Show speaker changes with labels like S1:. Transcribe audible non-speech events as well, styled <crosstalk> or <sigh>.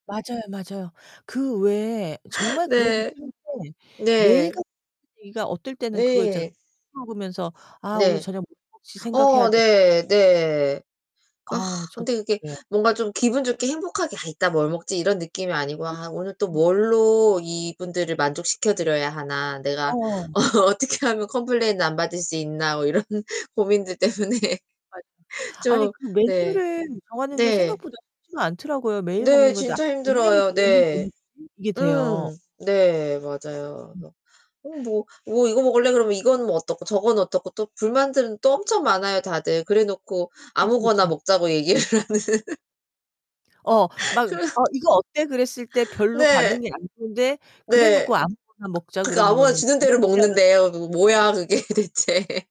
S1: 맞아요, 맞아요. 그 왜
S2: <laughs>
S1: 정말 그러기
S2: 네.
S1: 싫은데 매일
S2: 네.
S1: 같 <unintelligible> 어떨 때는 그거 있잖아요.
S2: 네.
S1: <unintelligible> 먹으면서 '아 오늘
S2: 네.
S1: 저녁 뭐 먹을지 생각해야
S2: 어
S1: 되'
S2: 네 네. 그러니까
S1: 아 저도
S2: 근데 이게
S1: 그래요.
S2: 뭔가 좀 기분 좋게 행복하게 '아 이따 뭘 먹지?' 이런 느낌이 아니고
S1: 아
S2: '아 오늘 또
S1: 음.
S2: 뭘로 이분들을 만족시켜 드려야 하나 내가
S1: 어.
S2: 어 어떻게 하면 컴플레인을 안 받을 수 있나.' 뭐 이런 고민들 때문에
S1: <unintelligible> 아니
S2: 좀
S1: 그
S2: 네.
S1: 메뉴를 정하는 게
S2: 네.
S1: 생각보다 쉽지가 않더라고요. 매일
S2: 네
S1: 먹는 건데
S2: 진짜 힘들어요. 네.
S1: <unintelligible> 이게 돼요.
S2: 음 네 맞아요.
S1: 음.
S2: 그래서 "어 뭐 뭐 이거 먹을래?" 그러면 이건 뭐 어떻고 저거는 어떻고 또 불만들은 또 엄청 많아요, 다들. 그래 놓고
S1: 그쵸,
S2: 아무거나
S1: 그쵸.
S2: 먹자고 얘기를 하는.
S1: 어 막
S2: 그래서
S1: "어 이거 어때?" 그랬을 때 별로
S2: 네.
S1: 반응이 안 좋은데 그래
S2: 네.
S1: 놓고 "아무거나 먹자."
S2: 그니까 아무거나
S1: 그러면은
S2: 주는 대로
S1: 어떻게 하면
S2: 먹는대요. 그 뭐야 그게 대체.